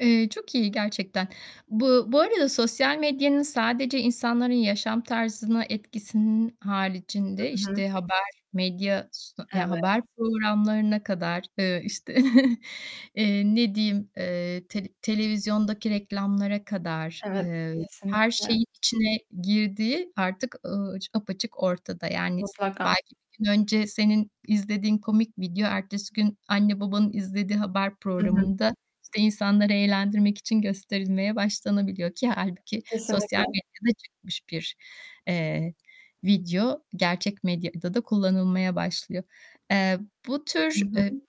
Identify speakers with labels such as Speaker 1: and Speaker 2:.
Speaker 1: Eee, çok iyi gerçekten. Bu bu arada sosyal medyanın sadece insanların yaşam tarzına etkisinin
Speaker 2: Hı
Speaker 1: haricinde,
Speaker 2: hı.
Speaker 1: işte, haber, medya s ya
Speaker 2: Evet.
Speaker 1: haber programlarına kadar, ııı, işte, eee, ne diyeyim, eee, tele televizyondaki reklamlara kadar,
Speaker 2: Evet,
Speaker 1: eee, her
Speaker 2: kesinlikle.
Speaker 1: şeyin içine girdiği, artık, ııı, aç apaçık ortada. Yani s
Speaker 2: Mutlaka.
Speaker 1: belki bir gün önce senin izlediğin komik video, ertesi gün anne babanın izlediği haber
Speaker 2: Hı hı.
Speaker 1: programında, işte, insanları eğlendirmek için gösterilmeye başlanabiliyor ki hâlbuki
Speaker 2: Kesinlikle.
Speaker 1: sosyal medyada çıkmış bir, eee, video gerçek medyada da kullanılmaya başlıyor. Eee, bu
Speaker 2: Hı
Speaker 1: tür, eee
Speaker 2: hı.